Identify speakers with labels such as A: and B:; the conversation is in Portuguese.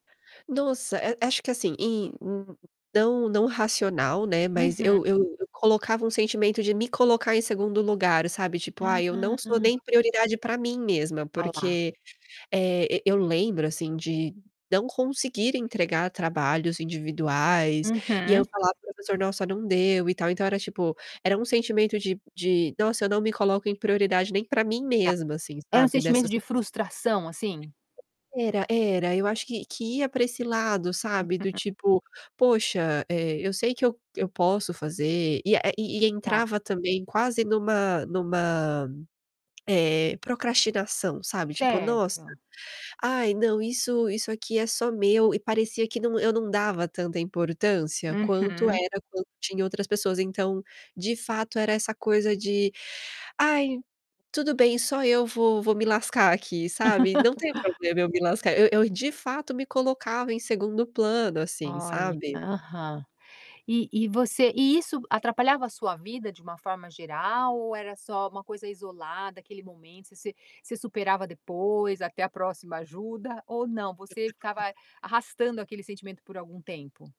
A: Nossa, eh, acho que assim, em hum, hum, não não racional, né, mas
B: Uhum.
A: eu eu eu colocava um sentimento de me colocar em segundo lugar, sabe, tipo: "Ai, eu não sou
B: Ah.
A: nem prioridade pra mim mesma".
B: A lá.
A: Porque, eh, eu eu lembro assim, de não conseguir entregar trabalhos individuais, e eu
B: Uhum.
A: falava: "Professor, nossa não deu e tal". Então, era tipo, era um sentimento de de: "Nossa eu não me coloco em prioridade nem pra mim
B: Tá.
A: mesma." assim,
B: Era um
A: sabe,
B: sentimento
A: nessas
B: de
A: coisas
B: frustração assim?
A: Era, era. Eu acho que que ia pra esse lado, sabe, do
B: [unintelligible]
A: tipo, "Poxa, eh, eu sei que eu eu posso fazer". E, eh, e
B: Tá.
A: entrava também quase numa numa, eh, procrastinação, sabe, tipo: "Nossa,
B: Certo.
A: ai não isso isso aqui é só meu". E parecia que não eu não dava tanta importância quanto
B: Uhum.
A: era quando tinha outras pessoas, então, de fato era essa coisa de: "Ai, tudo bem só eu vou vou me lascar aqui, sabe? Não tem problema eu me lascar". Eu eu de fato me colocava em segundo plano assim,
B: Olha.
A: sabe.
B: Aham. E e você e isso atrapalhava a sua vida de uma forma geral? Ou era só uma coisa isolada? Aquele momento? Você você superava depois até a próxima ajuda ou não? Você ficava
A: [unintelligible]
B: arrastando aquele sentimento por algum tempo?